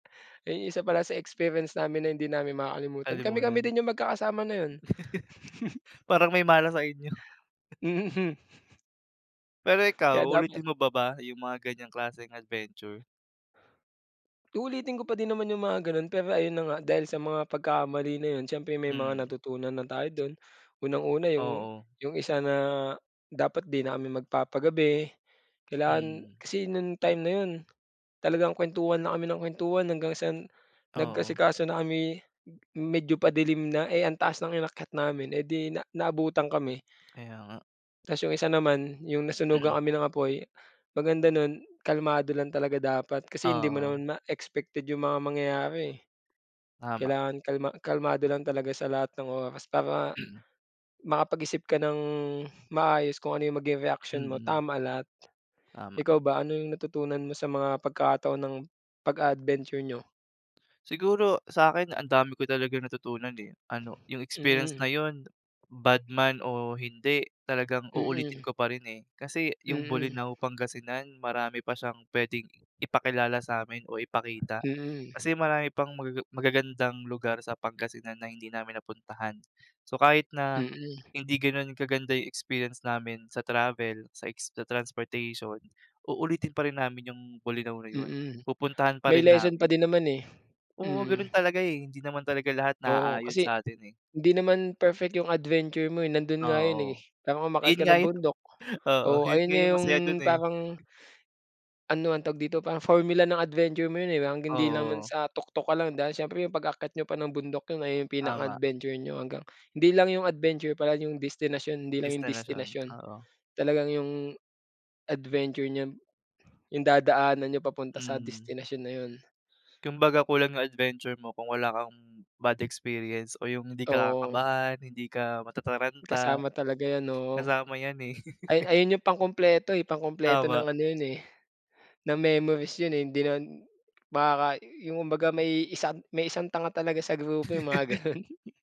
Eh, isa pala sa experience namin na hindi namin makakalimutan, kami-kami Kalimutan. din 'yung magkakasama na 'yun. Parang may malas sa inyo. Mhm. Pero Kaya ikaw, dapat uulitin mo pa ba 'yung mga ganiyang klaseng adventure? Uulitin ko pa din naman 'yung mga gano'n, pero ayun na nga, dahil sa mga pagkakamali na 'yun, siyempre may mga Mm. natutunan na tayo do'n. Unang-una 'yung Oo. 'yung isa na dapat 'di na kami magpapagabi. Kailangan Mm. kasi no'ng time na 'yun, talagang kuwentuhan na kami ng kuwentuhan hanggang sa Oo. nag-asikaso na kami m medyo padilim na, eh, ang taas ng inakyat namin, eh, di na naabutan kami. Kaya nga. Ta's 'yung isa naman, 'yung nasunugan kami ng apoy, maganda nun, kalmado lang talaga dapat, kasi hindi mo Oo. naman ma expected 'yung mga mangyayari, eh. Tama. Kailangan kalma kalmado lang talaga sa lahat ng oras para makapag-isip ka ng maayos kung ano 'yung maging reaksyon mo, Mm. tama lahat. Tama. Ikaw ba, ano 'yung natutunan mo sa mga pagkakataon ng pag-a-adventure niyo? Siguro sa'kin ang dami ko talagang natutunan, eh, ano 'yung experience Mm. na 'yun, bad man o hindi, talagang uulitin Mm. ko pa rin, eh. Kasi 'yung Mm. Bolinao, Pangasingan marami pa siyang puwedeng ipakilala sa'min o ipakita. Mm. Kasi marami pang magaga magagandang lugar sa Pangasinan na hindi namin napuntahan. So kahit na Mm. hindi gano'n kaganda 'yung experience namin sa travel, sa ex sa transportation, uulitin pa rin namin 'yung Bolinao na 'yon, Mm, pupuntahan pa may rin lesson pa namin. din naman, eh. Oo, Mm. gano'n talaga, eh, hindi naman talaga lahat Oo, naaayon kasi sa atin, eh. hindi naman perfect 'yung adventure mo, eh, nando'n nga 'yun, eh, Oo, kaya umakyat 'yun ka nga ng 'yun bundok. oo, Oo, 'yun ayun nga nga 'yung 'yung masaya do'n, eh. parang Ano ang tawag dito, parang formula ng adventure mo 'yun, eh, hanggang hindi naman Oo. sa tuktok ka lang dahil siyempre 'yung pag-akyat niyo pa ng bundok 'yun nga 'yung pinaka Tama. adventure niyo hanggang hindi lang 'yung adventure pala, 'yung destinasyon, hindi lang 'yung Destinasyon, destinasyon, oo. talagang 'yung adventure niyo, 'yung dadaanan niyo papunta sa Hmm. destinasyon na 'yun. Kumbaga kulang 'yung adventure mo kung wala kang bad experience o 'yung hindi ka Oo. kakabahan, hindi ka matataranta. Kasama talaga 'yan, oo. Kasama 'yan, eh. Ay ayun 'yung pangkumpleto, eh, pangkumpleto Tama. ng ano 'yun, eh, ng memories 'yun, eh. Hindi naman baka 'yung kumbaga may isang may isang tanga talaga sa grupo, 'yung mga gano'n.